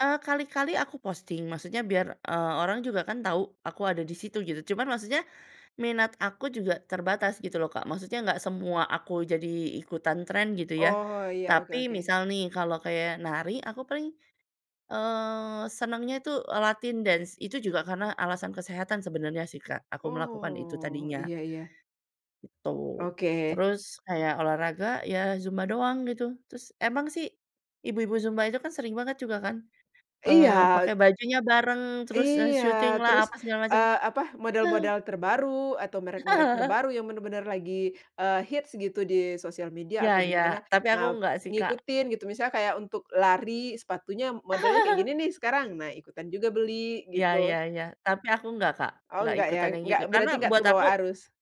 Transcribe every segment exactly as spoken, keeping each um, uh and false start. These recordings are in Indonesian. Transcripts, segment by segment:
Eee, kali-kali aku posting maksudnya biar, eee, orang juga kan tahu aku ada di situ gitu, cuman maksudnya minat aku juga terbatas gitu loh Kak. Maksudnya enggak semua aku jadi ikutan tren gitu ya, Oh, iya, oke tapi oke. misal nih kalau kayak nari aku paling, eee, senengnya itu latin dance. Itu juga karena alasan kesehatan sebenarnya sih Kak, aku melakukan itu Oh, tadinya iya iya. gitu. Oke. Terus kayak olahraga ya zumba doang gitu, terus emang sih ibu-ibu zumba itu kan sering banget juga kan, eee, Iya. pakai bajunya bareng terus, eee, Iya syutinglah terus, apa segala macem. eee, apa, Heeh. model-model terbaru atau merek-merek terbaru yang benar-benar lagi, eee, hits gitu di sosial media Iya atau di iya, mana, tapi aku nah enggak sih, Kak. ngikutin gitu. Misalnya kayak untuk lari sepatunya modelnya kayak gini nih sekarang, nah ikutan juga beli Iya iya gitu. iya, tapi aku enggak Kak, Oh enggak enggak ya? ikutan yang Enggak gitu karena berarti enggak buat terbawa aku arus.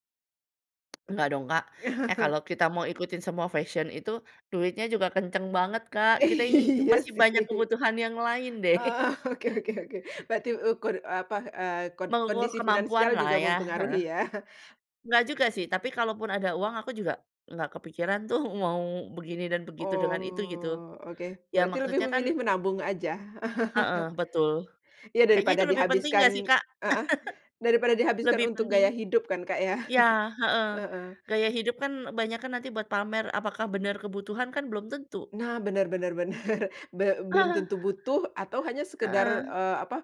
Enggak dong Kak. Eh kalau kita mau ikutin semua fashion itu, duitnya juga kenceng banget Kak, kita ini Iya masih sih. banyak kebutuhan yang lain deh. Eee, oke oke oke, berarti ukur eee, apa, eee, kon Mengukur kondisi finansial kemampuanlah juga ya, heeh. mempengaruhi ya? Nggak juga sih, tapi kalaupun ada uang aku juga nggak kepikiran tuh mau begini dan begitu dengan itu gitu. Oh oke. Iya, Berarti lebih maksudnya kan memilih menabung aja? Heeh, betul. Iya Kayaknya daripada itu lebih penting nggak sih dihabiskan Kak? heeh, daripada dihabiskan Lebih untuk penting gaya hidup kan Kak ya. iya, heeh, Heeh. gaya hidup kan banyak kan nanti buat pamer, apakah benar kebutuhan kan belum tentu. Nah bener bener bener. Be belum tentu butuh atau hanya sekadar, Heeh. eee, apa,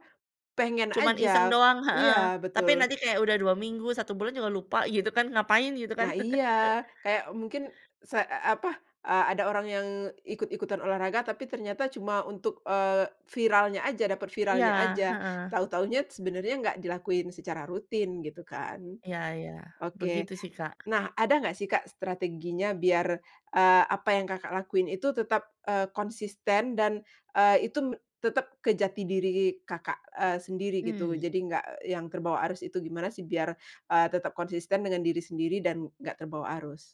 pengen Cuman aja iseng doang, iya heeh. tapi betul. nanti kayak udah dua minggu, satu bulan juga lupa gitu kan, ngapain gitu kan. Nah iya, kayak mungkin se e apa, eee, ada orang yang ikut-ikutan olahraga tapi ternyata cuma untuk, eee, viralnya aja dapat viralnya Iya, aja, heeh. tahu-tahunya sebenarnya nggak dilakuin secara rutin gitu kan. Iya iya, Oke, begitu sih, Kak. nah ada nggak sih Kak strateginya biar, eee, apa yang Kakak lakuin itu tetap, eee, konsisten dan, eee, itu me tetap ke jati diri Kakak, eee, sendiri gitu? Mmm. Jadi nggak yang terbawa arus itu gimana sih biar, eee, tetap konsisten dengan diri sendiri dan nggak terbawa arus?